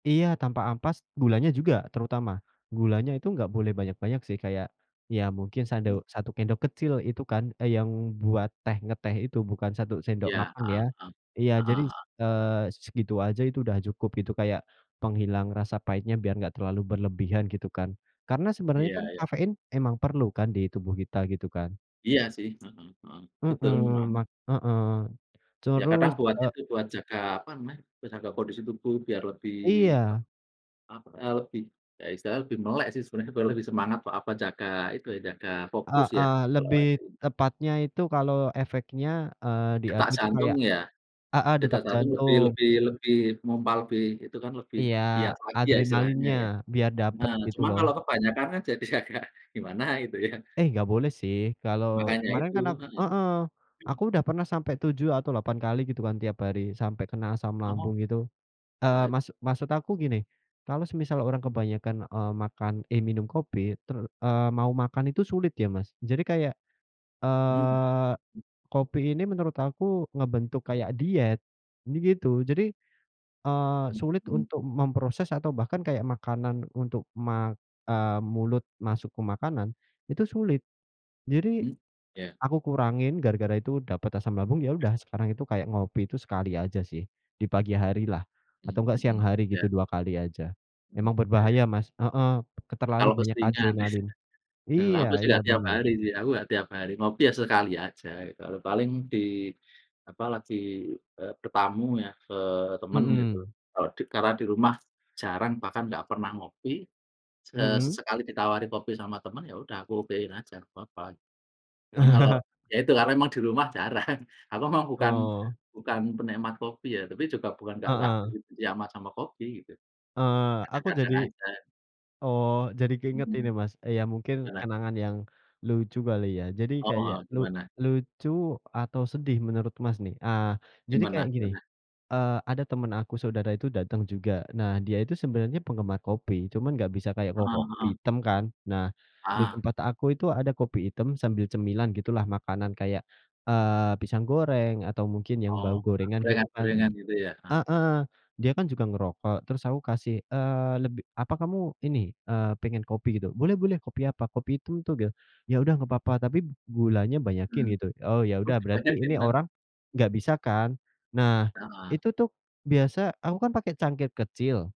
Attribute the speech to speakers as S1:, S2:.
S1: Iya tanpa ampas, gulanya juga terutama. Gulanya itu nggak boleh banyak-banyak sih, kayak, ya mungkin sadu
S2: Hmm.
S1: 1 sendok kecil itu kan. Eee, yang buat teh ngeteh itu, bukan 1 sendok
S2: Ya,
S1: makan ya.
S2: Heeh, eh.
S1: Iya.
S2: Heeh
S1: Jadi,
S2: heeh.
S1: eee, segitu aja itu udah cukup gitu. Kayak, penghilang rasa pahitnya biar nggak terlalu berlebihan gitu kan. Karena sebenarnya
S2: Iya
S1: kan
S2: iya.
S1: kafein emang perlu kan di tubuh kita, gitu kan.
S2: Iya sih. Mhm mhm. Betul
S1: Mhm,
S2: memang.
S1: ma heeh.
S2: Ya kadang
S1: Terus,
S2: buat
S1: eee
S2: itu, buat jaga, apa namanya, buat jaga kondisi tubuh biar lebih, ap
S1: Iya.
S2: apa, eee, lebih ya istilahnya lebih melek sih sebenarnya. Lebih semangat atau apa, jaga itu ya, jaga fokus ya
S1: Heeh
S2: kalau.
S1: lebih
S2: [unintelligible]
S1: tepatnya itu kalau efeknya, eee, di aku
S2: Detak
S1: itu
S2: jantung
S1: kayak
S2: ya.
S1: heeh,
S2: Detak
S1: detak
S2: jantung lebih
S1: jantung.
S2: lebih lebih mompa lebih, itu kan lebih
S1: Iya,
S2: giat lagi ya istilahnya
S1: adrenalinnya.
S2: ya.
S1: Biar dapat
S2: Nah
S1: gitu
S2: cuma
S1: loh.
S2: kalau kebanyakan kan jadi agak gimana gitu ya.
S1: Eh, enggak boleh sih kalau
S2: Makanya
S1: kemarin
S2: itu.
S1: kan aku
S2: Heeh.
S1: heeh.
S2: Mmm.
S1: Aku udah pernah sampai 7 atau 8 kali gitu kan tiap hari. Sampai kena asam
S2: Oh.
S1: lambung gitu.
S2: Wah,
S1: Eee,
S2: i
S1: maksud maksud aku gini, kalau semisal orang
S2: Hmm.
S1: kebanyakan, eee, makan eh, minum kopi ter eee, mau makan itu sulit ya Mas. Jadi kayak,
S2: Mhm.
S1: eee,
S2: Mmm.
S1: kopi ini menurut aku ngebentuk kayak diet. Jadi gitu. Jadi, eee, sulit
S2: Mhm.
S1: untuk memproses atau bahkan kayak makanan untuk ma eee, mulut masuk ke makanan, itu sulit. Jadi
S2: Hmm. Ya.
S1: aku kurangin gara-gara itu dapat asam lambung. Ya udah, sekarang itu kayak ngopi itu sekali aja sih, di pagi harilah.
S2: Mmm,
S1: Atau enggak, siang
S2: mhm.
S1: hari
S2: Ya.
S1: gitu 2 kali aja.
S2: Mhm,
S1: Emang
S2: ya.
S1: berbahaya Mas. Heeh. Ke terlalu
S2: Kalau
S1: banyak
S2: keseringan.
S1: adrenalin.
S2: Eee,
S1: Iya
S2: aku sih
S1: iya
S2: nggak tiap
S1: bener.
S2: hari sih, aku nggak tiap hari. Ngopi ya sekali aja gitu. Kalau paling di, apa, lagi, eee, bertamu ya ke teman gitu.
S1: Mhm.
S2: Kalau di karena di rumah jarang bahkan nggak pernah ngopi, eee,
S1: Mhm.
S2: sesekali ditawari kopi sama teman, ya udah aku okein aja nggak apa-apa. Kan kalau ya itu, karena emang di rumah jarang. Aku memang bukan
S1: Oh.
S2: bukan penikmat kopi ya. Tapi juga bukan nggak nggak
S1: Heeh.
S2: benci-benci amat sama kopi gitu.
S1: Eee, aku
S2: Kadang-kadang
S1: jadi
S2: aja.
S1: oh, jadi keinget ini
S2: Mhm.
S1: Mas, ya mungkin
S2: Gimana?
S1: kenangan yang lucu kali ya. Jadi
S2: Oh
S1: kayak
S2: heeh,
S1: lu
S2: gimana?
S1: lucu atau sedih menurut Mas nih. Ah, jadi
S2: Gimana
S1: kayak gini,
S2: gimana?
S1: eee, ada temen aku saudara itu datang juga. Nah dia itu sebenarnya penggemar kopi, cuman nggak bisa kayak ko
S2: Heeh
S1: kopi
S2: heeh.
S1: item kan. Nah di
S2: Ah.
S1: tempat aku itu ada kopi item sambil cemilan gitulah, makanan kayak, eee, pisang goreng, atau mungkin yang
S2: Oh,
S1: bau gorengan gitu kan.
S2: gorengan-gorengan gitu ya? Heeh.
S1: Heeh. Dia kan juga ngerokok, terus aku kasih, eee, lebih "Apa kamu ini, eee pengen kopi gitu?" "Boleh boleh! Kopi apa? Kopi itu tuge." "Ya udah nggak papa, tapi gulanya banyakin
S2: Mhm.
S1: gitu." Oh ya
S2: Oh,
S1: udah berarti
S2: banyak sih
S1: ini
S2: emang.
S1: orang nggak bisa kan. Nah
S2: Heeh.
S1: itu tuh biasa aku kan pakai cangkir kecil.